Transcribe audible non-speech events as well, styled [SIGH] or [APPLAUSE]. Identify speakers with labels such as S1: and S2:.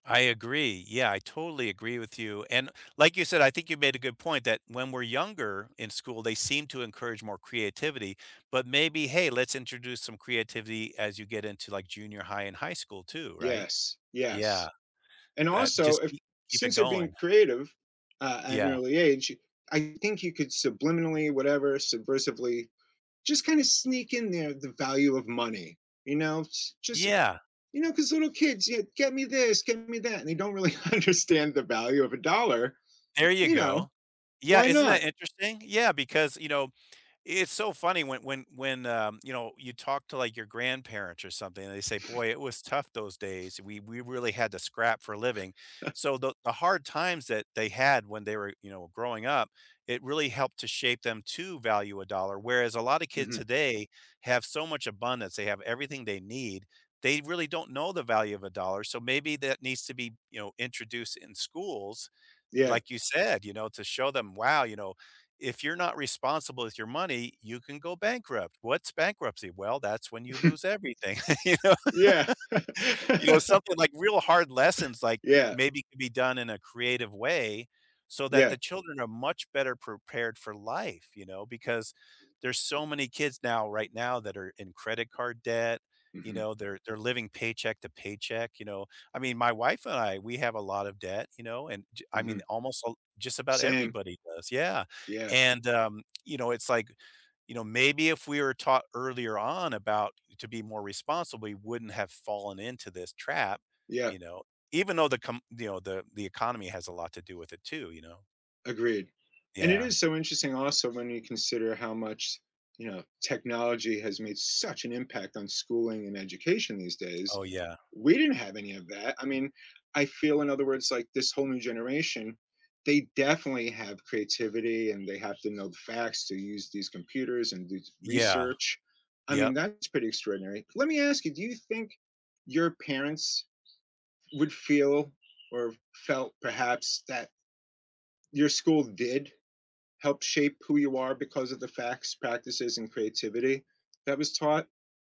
S1: I agree. Yeah, I totally agree with you and like you said, I think you made a good point that when we're younger in school, they seem to encourage more creativity, but maybe, hey, let's introduce some creativity as you get into, like, junior high and high school too, right?
S2: Yes,
S1: Yeah.
S2: yes, and
S1: That
S2: also
S1: just
S2: if
S1: keep keep it
S2: since you're being
S1: going.
S2: creative, uh, at an
S1: Yeah.
S2: early age, I think you could subliminally, whatever, subversively, just kinda sneak in there the value of money, you know, j just,
S1: Yeah.
S2: you know, 'cause little kids, yeah, get me this get me that, and they don't really understand the value of a dollar,
S1: There you
S2: you know,
S1: go. Yeah,
S2: why
S1: isn't
S2: not?
S1: that interesting? Yeah, because, you know, it's so funny when, when when, um, you know, you talk to, like, your grandparents or something, and they say, "Boy, it was tough those days. We we really had to scrap for a living."
S2: [CHUCKLES]
S1: So the, the hard times that they had when they were, you know, growing up, it really helped to shape them to value a dollar, whereas a lot of kids
S2: Mhm.
S1: today have so much abundance, they have everything they need, they really don't know the value of a dollar, so maybe that needs to be, you know, introduced in schools,
S2: Yeah.
S1: like, you said, you know, to show them, "Wow, you know, if you're not responsible with your money, you can go bankrupt." "What's bankruptcy?" "Well, that's when you
S2: Hmm.
S1: lose everything," you know.
S2: Yeah.
S1: You know,
S2: [CHUCKLES]
S1: something like real hard lessons, like,
S2: Yeah.
S1: maybe could be done in a creative way, so that
S2: Yeah.
S1: the children are much better prepared for life, you know, because there's so many kids now, right now that are in credit card debt, you
S2: Mhm.
S1: know, they're they're living paycheck to paycheck, you know. I mean, my wife and I, we have a lot of debt, you know, and j I mean,
S2: Mhm.
S1: almost just about all
S2: Same.
S1: everybody does, yeah.
S2: Yeah.
S1: And, um, you know, it's, like, you know, maybe if we were taught earlier on about to be more responsible, we wouldn't have fallen into this trap,
S2: Yeah.
S1: you know, even though the com you know, the the economy has a lot to do with it too, you know.
S2: Agreed. And it
S1: Yeah.
S2: is so interesting also when you consider how much, you know, technology has made such an impact on schooling and education these days.
S1: Oh, yeah.
S2: We didn't have any of that. I mean, I feel in other words, like, this whole new generation, they definitely have creativity and they have to know the facts to use these computers and do
S1: Yeah.
S2: research. I
S1: Yup.
S2: mean that is pretty extraordinary. Let me ask you, do you think your parents would feel or felt perhaps that your school did help shape who you are because of the facts, practices, and creativity that was taught.